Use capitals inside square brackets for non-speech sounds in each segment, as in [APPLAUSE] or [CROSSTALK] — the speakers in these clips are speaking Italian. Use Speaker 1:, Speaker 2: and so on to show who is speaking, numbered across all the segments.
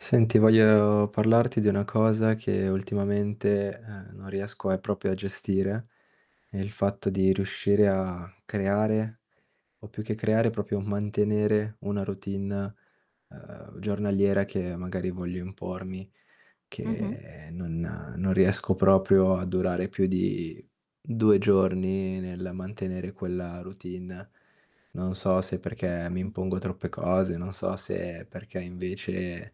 Speaker 1: Senti, voglio parlarti di una cosa che ultimamente, ehm, non riesco a proprio a gestire, è il fatto di riuscire a creare, o più che creare, proprio mantenere una routine, ehm, giornaliera che magari voglio impormi,
Speaker 2: Mh-mh.
Speaker 1: che non non riesco proprio a durare più di 2 giorni nel mantenere quella routine. Non so se perché mi
Speaker 2: Okay.
Speaker 1: impongo troppe cose, non so se perché invece,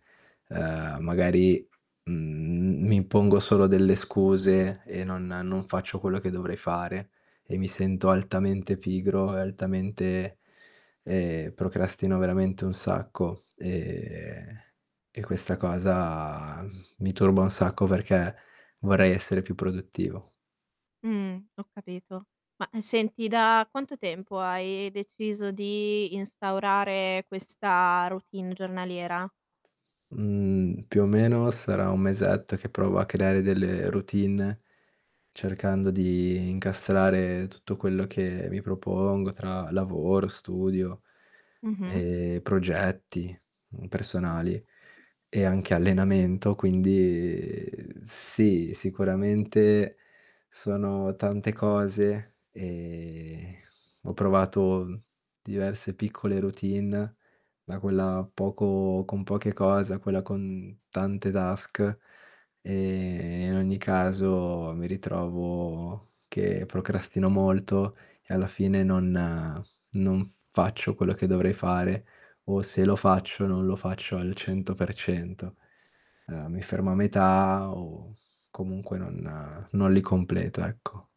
Speaker 1: ehm, magari, mhmm, mi impongo solo delle scuse e non non faccio quello che dovrei fare, e mi sento altamente pigro e altamente ehm, procrastino veramente un sacco, ehm, e questa cosa, mhmm, [EXHALES] mi turba un sacco perché vorrei essere più produttivo.
Speaker 2: Mh. Ho capito. Ma, ehm, senti da quanto tempo hai deciso di instaurare questa routine giornaliera?
Speaker 1: Mhmm, più o meno sarà un mesetto che provo a creare delle routine cercando di incastrare tutto quello che mi propongo tra lavoro, studio,
Speaker 2: Mh-mh.
Speaker 1: ehm, progetti, mhmm, personali e anche allenamento quindi sì, sicuramente sono tante cose, ehm, ho provato, mhmm, diverse piccole routine da quella poco con poche cose a quella con tante task, ehm, e in ogni caso mi ritrovo che procrastino molto e alla fine non non faccio quello che dovrei fare, o se lo faccio non lo faccio al 100%. Ehm, mi fermo a metà o comunque non non li completo ecco.